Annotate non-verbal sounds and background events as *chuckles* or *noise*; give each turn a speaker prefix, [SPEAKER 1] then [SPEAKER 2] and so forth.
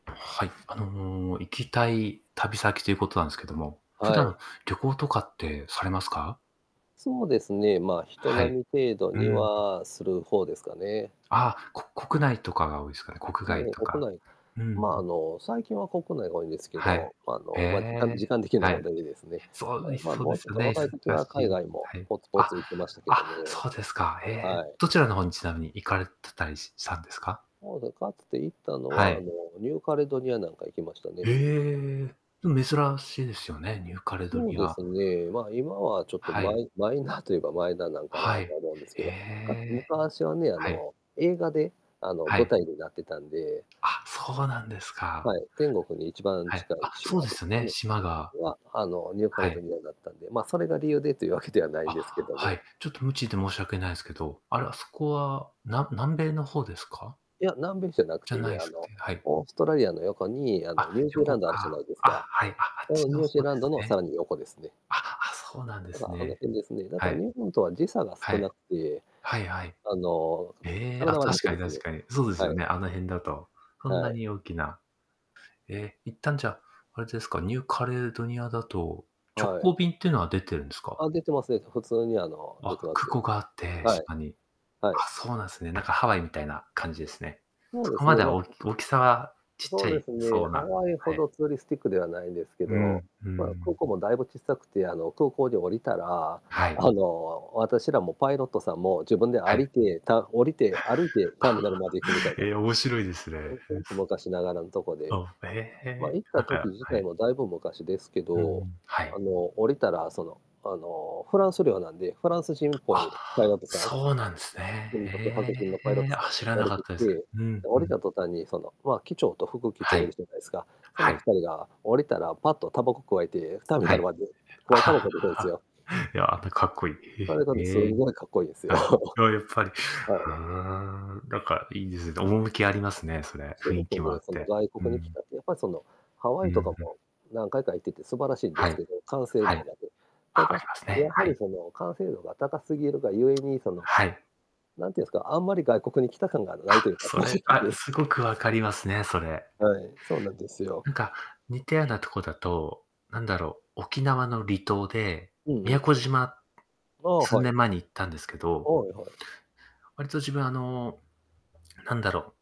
[SPEAKER 1] はい。あの、行きたい旅先ということなんですけども、普
[SPEAKER 2] はい。
[SPEAKER 1] 段、旅行とかってされますか。
[SPEAKER 2] そうですね、まあ、人
[SPEAKER 1] はい。
[SPEAKER 2] 並み程度
[SPEAKER 1] う
[SPEAKER 2] に
[SPEAKER 1] ん。
[SPEAKER 2] はする方ですかね。
[SPEAKER 1] ああ、こ国内とかが多いですかね。国
[SPEAKER 2] 多
[SPEAKER 1] 外
[SPEAKER 2] 分
[SPEAKER 1] とか。
[SPEAKER 2] 国内、
[SPEAKER 1] うんう
[SPEAKER 2] ま、
[SPEAKER 1] ん。
[SPEAKER 2] あの、最近は国内が多いんですけ
[SPEAKER 1] はい。
[SPEAKER 2] ど、あ
[SPEAKER 1] え
[SPEAKER 2] の、まあ、時間
[SPEAKER 1] え。
[SPEAKER 2] 時間的な
[SPEAKER 1] は
[SPEAKER 2] 問
[SPEAKER 1] い。
[SPEAKER 2] 題でですね。
[SPEAKER 1] そうです、
[SPEAKER 2] まあ、
[SPEAKER 1] そうで
[SPEAKER 2] もう
[SPEAKER 1] す
[SPEAKER 2] ちょっ
[SPEAKER 1] よ
[SPEAKER 2] と
[SPEAKER 1] ね、
[SPEAKER 2] 若い時
[SPEAKER 1] 忙
[SPEAKER 2] は
[SPEAKER 1] し
[SPEAKER 2] 海
[SPEAKER 1] い。
[SPEAKER 2] 外も
[SPEAKER 1] はい。
[SPEAKER 2] ポツポ
[SPEAKER 1] あ、
[SPEAKER 2] ツ行ってましたけ
[SPEAKER 1] あ、
[SPEAKER 2] どね。
[SPEAKER 1] そうですか。ええ、
[SPEAKER 2] はい。
[SPEAKER 1] どちらの方にちなみに行かれてたりしたんですか？
[SPEAKER 2] そうで、かつて行ったの
[SPEAKER 1] は
[SPEAKER 2] は、あ
[SPEAKER 1] い。
[SPEAKER 2] の、ニューカレドニアなんか行きました
[SPEAKER 1] へ
[SPEAKER 2] ね。
[SPEAKER 1] え。でも珍しいですよね、ニューカレド
[SPEAKER 2] そう
[SPEAKER 1] ニ
[SPEAKER 2] で
[SPEAKER 1] ア。
[SPEAKER 2] すね、ま、今はちょっと
[SPEAKER 1] は
[SPEAKER 2] マ
[SPEAKER 1] い。
[SPEAKER 2] イマイナーと言えばマイナーなんかな
[SPEAKER 1] はい。
[SPEAKER 2] と思うんです
[SPEAKER 1] え
[SPEAKER 2] けど、むか
[SPEAKER 1] え。
[SPEAKER 2] 昔はね、あ
[SPEAKER 1] はい。
[SPEAKER 2] の映画であの
[SPEAKER 1] は
[SPEAKER 2] 舞
[SPEAKER 1] い。
[SPEAKER 2] 台になってたんで
[SPEAKER 1] あ、そうなんですか。
[SPEAKER 2] はい、天国に一番
[SPEAKER 1] はい。
[SPEAKER 2] 近
[SPEAKER 1] あ、
[SPEAKER 2] い
[SPEAKER 1] そう
[SPEAKER 2] 島
[SPEAKER 1] で
[SPEAKER 2] で
[SPEAKER 1] す
[SPEAKER 2] したか
[SPEAKER 1] ね、
[SPEAKER 2] ね、
[SPEAKER 1] 島が。
[SPEAKER 2] は、あの、ニューカ
[SPEAKER 1] は
[SPEAKER 2] レド
[SPEAKER 1] い。
[SPEAKER 2] ニアだったんで、ま、それが理由でというわけではない
[SPEAKER 1] あ、
[SPEAKER 2] んですけど
[SPEAKER 1] は
[SPEAKER 2] も
[SPEAKER 1] い。ちょっと無知で申し訳ないですけど、あれ、あそこは、な南米の方ですか？
[SPEAKER 2] いや、南米じゃなく
[SPEAKER 1] じ
[SPEAKER 2] て
[SPEAKER 1] ゃない
[SPEAKER 2] ね、
[SPEAKER 1] で
[SPEAKER 2] あ
[SPEAKER 1] す
[SPEAKER 2] の、
[SPEAKER 1] ね。はい。
[SPEAKER 2] オーストラリアの横に、あ
[SPEAKER 1] あ、
[SPEAKER 2] の、ニュージーラ
[SPEAKER 1] 横
[SPEAKER 2] ンドあるじゃな
[SPEAKER 1] か。
[SPEAKER 2] いです
[SPEAKER 1] あ、
[SPEAKER 2] か。
[SPEAKER 1] はい。あ、あっ
[SPEAKER 2] そ
[SPEAKER 1] ち
[SPEAKER 2] のニ
[SPEAKER 1] の
[SPEAKER 2] ュージ
[SPEAKER 1] 方
[SPEAKER 2] ー
[SPEAKER 1] で
[SPEAKER 2] ランド
[SPEAKER 1] す
[SPEAKER 2] のさら
[SPEAKER 1] ね。
[SPEAKER 2] に横ですね。
[SPEAKER 1] あ、そうなんで
[SPEAKER 2] だか
[SPEAKER 1] す
[SPEAKER 2] ら、あの
[SPEAKER 1] ね。
[SPEAKER 2] 辺ですね。だ
[SPEAKER 1] は
[SPEAKER 2] から
[SPEAKER 1] い。
[SPEAKER 2] 日本とは時差が
[SPEAKER 1] は
[SPEAKER 2] 少な
[SPEAKER 1] い。
[SPEAKER 2] くて、
[SPEAKER 1] はい-はい。
[SPEAKER 2] あの
[SPEAKER 1] ええ、あ、
[SPEAKER 2] 体は
[SPEAKER 1] 確
[SPEAKER 2] 楽
[SPEAKER 1] かに
[SPEAKER 2] です
[SPEAKER 1] 確
[SPEAKER 2] ね。
[SPEAKER 1] かに。そうです
[SPEAKER 2] は
[SPEAKER 1] よ
[SPEAKER 2] い。
[SPEAKER 1] ね、あの辺だと。そん
[SPEAKER 2] は
[SPEAKER 1] な
[SPEAKER 2] い。
[SPEAKER 1] に大きなえ、一旦じゃあ、あれですか、ニューカレドニアだと、直
[SPEAKER 2] はい。
[SPEAKER 1] 行便っていうのは出てるんです
[SPEAKER 2] あ
[SPEAKER 1] か？
[SPEAKER 2] あ、出てます出てます。普通にあの、
[SPEAKER 1] あ、
[SPEAKER 2] 出てま
[SPEAKER 1] 空
[SPEAKER 2] す
[SPEAKER 1] 港
[SPEAKER 2] よ。
[SPEAKER 1] があって、
[SPEAKER 2] はい。
[SPEAKER 1] 島に。あ、
[SPEAKER 2] はい。
[SPEAKER 1] そうなんですね。なんかハワイみたいな感じですね。
[SPEAKER 2] そう
[SPEAKER 1] そ
[SPEAKER 2] で
[SPEAKER 1] こ
[SPEAKER 2] す
[SPEAKER 1] ま
[SPEAKER 2] ね。
[SPEAKER 1] で
[SPEAKER 2] ま、
[SPEAKER 1] は、お
[SPEAKER 2] あ
[SPEAKER 1] 大きさはちっち
[SPEAKER 2] そ
[SPEAKER 1] ゃ
[SPEAKER 2] うで
[SPEAKER 1] い
[SPEAKER 2] すね、
[SPEAKER 1] そう
[SPEAKER 2] ハ
[SPEAKER 1] な、
[SPEAKER 2] ワイ
[SPEAKER 1] は
[SPEAKER 2] ほ
[SPEAKER 1] い。
[SPEAKER 2] どツーリスティックではないんですけ
[SPEAKER 1] う
[SPEAKER 2] ど、
[SPEAKER 1] んう
[SPEAKER 2] まあ、空
[SPEAKER 1] ん。
[SPEAKER 2] 港もだいぶ小さくて、あの、空港に降りたら、
[SPEAKER 1] はい。
[SPEAKER 2] あの、私らもパイロットさんも自分で
[SPEAKER 1] は
[SPEAKER 2] 歩い
[SPEAKER 1] い。
[SPEAKER 2] て、た降りて歩いてターミナルまで行くみたい
[SPEAKER 1] *chuckles*
[SPEAKER 2] な。
[SPEAKER 1] え、面白いですね。
[SPEAKER 2] *unintelligible* 昔ながらのとこで。
[SPEAKER 1] あ、へ
[SPEAKER 2] まあ、
[SPEAKER 1] え、
[SPEAKER 2] 行った
[SPEAKER 1] なんか、
[SPEAKER 2] 時自
[SPEAKER 1] は
[SPEAKER 2] 体
[SPEAKER 1] い。
[SPEAKER 2] もだいぶ昔ですけ
[SPEAKER 1] う
[SPEAKER 2] ど、
[SPEAKER 1] ん、は
[SPEAKER 2] あ
[SPEAKER 1] い。
[SPEAKER 2] の、降りたらその、あの、フランス領なんで、フランス人っぽいパイロッ
[SPEAKER 1] あ、
[SPEAKER 2] トさん、
[SPEAKER 1] そうなんです
[SPEAKER 2] と
[SPEAKER 1] ね。
[SPEAKER 2] にかく白人の
[SPEAKER 1] へ
[SPEAKER 2] パイロット
[SPEAKER 1] え。
[SPEAKER 2] さん
[SPEAKER 1] あ、
[SPEAKER 2] が
[SPEAKER 1] 知ら
[SPEAKER 2] 降
[SPEAKER 1] な
[SPEAKER 2] り
[SPEAKER 1] かっ
[SPEAKER 2] てき
[SPEAKER 1] たです。
[SPEAKER 2] て、
[SPEAKER 1] うん-
[SPEAKER 2] 降
[SPEAKER 1] う
[SPEAKER 2] り
[SPEAKER 1] ん。
[SPEAKER 2] た途端に、その、まあ、機長と副機長
[SPEAKER 1] は
[SPEAKER 2] いる
[SPEAKER 1] い。
[SPEAKER 2] じゃないですか。そ
[SPEAKER 1] は
[SPEAKER 2] の
[SPEAKER 1] い。
[SPEAKER 2] 2人が降りたらパッとタバコくわえて、ターミナ
[SPEAKER 1] はい。
[SPEAKER 2] ルまでくわえたばこで行くんですよ。
[SPEAKER 1] *laughs* いや、かっこい
[SPEAKER 2] あれが
[SPEAKER 1] い。
[SPEAKER 2] ね、す
[SPEAKER 1] へえ。
[SPEAKER 2] ごいかっこいいですよ。
[SPEAKER 1] はい。ああ、やっぱり。
[SPEAKER 2] は
[SPEAKER 1] ん、
[SPEAKER 2] い。
[SPEAKER 1] なんかいいですね。趣ありますね、それ。
[SPEAKER 2] す
[SPEAKER 1] 雰
[SPEAKER 2] ご
[SPEAKER 1] 囲
[SPEAKER 2] く
[SPEAKER 1] 気もあ
[SPEAKER 2] ね、
[SPEAKER 1] っ
[SPEAKER 2] その、
[SPEAKER 1] て。
[SPEAKER 2] 外
[SPEAKER 1] う
[SPEAKER 2] 国に来
[SPEAKER 1] ん。
[SPEAKER 2] たって、やっぱりその、ハ
[SPEAKER 1] う
[SPEAKER 2] ワイ
[SPEAKER 1] ん
[SPEAKER 2] とか
[SPEAKER 1] うん。
[SPEAKER 2] も、何回か行ってて素晴らしいんで
[SPEAKER 1] は
[SPEAKER 2] す
[SPEAKER 1] い。
[SPEAKER 2] けど、完成
[SPEAKER 1] は
[SPEAKER 2] 度
[SPEAKER 1] い。
[SPEAKER 2] がね。た
[SPEAKER 1] ああ
[SPEAKER 2] だ、
[SPEAKER 1] りますね、
[SPEAKER 2] やは
[SPEAKER 1] は
[SPEAKER 2] り
[SPEAKER 1] い。
[SPEAKER 2] その、完成度が高すぎるがゆえに、その、
[SPEAKER 1] はい。
[SPEAKER 2] 何て言うんですか、あんまり外国に来た感がな
[SPEAKER 1] あ、
[SPEAKER 2] いというか、
[SPEAKER 1] そ
[SPEAKER 2] 正
[SPEAKER 1] れ、あ、
[SPEAKER 2] 直。
[SPEAKER 1] すごく分かりますね、それ。
[SPEAKER 2] はい、そうなんですよ。
[SPEAKER 1] なんか似たようなとこだと、なんだろう、沖縄の離島で、
[SPEAKER 2] うんう
[SPEAKER 1] 宮
[SPEAKER 2] ん。
[SPEAKER 1] 古島、
[SPEAKER 2] ああ、
[SPEAKER 1] 数
[SPEAKER 2] はい。
[SPEAKER 1] 年前に行ったんですけど
[SPEAKER 2] はいはい。
[SPEAKER 1] 割と自分あの、なんだろう。